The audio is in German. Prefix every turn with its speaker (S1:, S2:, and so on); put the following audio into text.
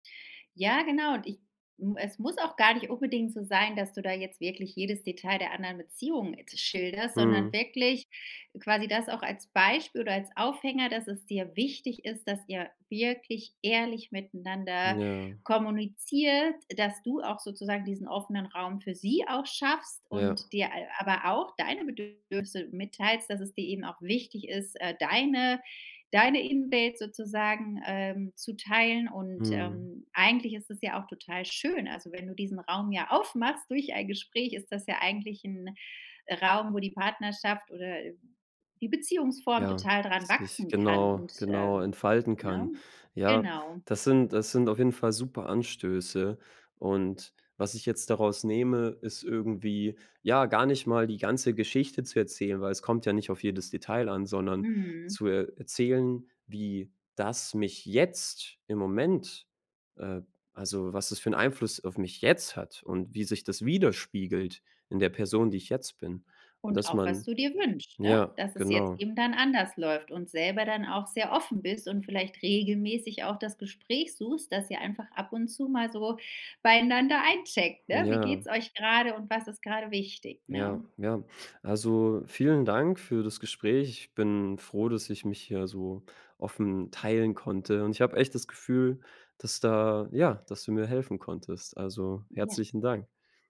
S1: Ja, genau und ich m es muss auch gar nicht unbedingt so sein, dass du da jetzt wirklich jedes Detail der anderen Beziehung schilderst, sondern
S2: Mhm.
S1: wirklich quasi das auch als Beispiel oder als Aufhänger, dass es dir wichtig ist, dass ihr wirklich ehrlich miteinander
S2: Ja.
S1: kommuniziert, dass du auch sozusagen diesen offenen Raum für sie auch schaffst
S2: Ja.
S1: und dir al aber auch deine Bedürfnisse mitteilst, dass es dir eben auch wichtig ist, äh, deine deine Invade sozusagen, ähm, zu teilen. Und,
S2: Mhm.
S1: ähm, eigentlich ist es ja auch total schön. Also, wenn du diesen Raum ja aufmachst durch ein Gespräch, ist das ja eigentlich 'n Raum, wo die Partnerschaft oder, äh, die Beziehungsform
S2: Ja,
S1: total dran
S2: das dich
S1: wachsen kann
S2: genau,
S1: und,
S2: genau
S1: ähm,
S2: entfalten
S1: ne?
S2: kann. Ja,
S1: Genau.
S2: das sind das sind auf jeden Fall super Anstöße und was ich jetzt daraus nehme, ist irgendwie, ja, gar nicht mal die ganze Geschichte zu erzählen, weil es kommt ja nicht auf jedes Detail an, sondern
S1: Mhm.
S2: zu er erzählen, wie das mich jetzt im Moment, äh also, was das für 'n Einfluss auf mich jetzt hat und wie sich das widerspiegelt in der Person, die ich jetzt bin.
S1: Und
S2: Dass
S1: auch, was
S2: man
S1: du dir wünscht, ne?
S2: ja,
S1: Dass es jetzt
S2: genau.
S1: eben dann anders läuft. Und selber dann auch sehr offen bist und vielleicht regelmäßig auch das Gespräch suchst, dass ihr einfach ab und zu mal so beieinander eincheckt, ne? Wie geht's
S2: Ja.
S1: euch grade und was ist grade wichtig, ne?
S2: Ja, ja. Also, vielen Dank für das Gespräch. Ich bin froh, dass ich mich hier so offen teilen konnte. Und ich habe echt das Gefühl, dass da ja, dass du mir helfen konntest. Also
S1: Ja.
S2: herzlichen Dank.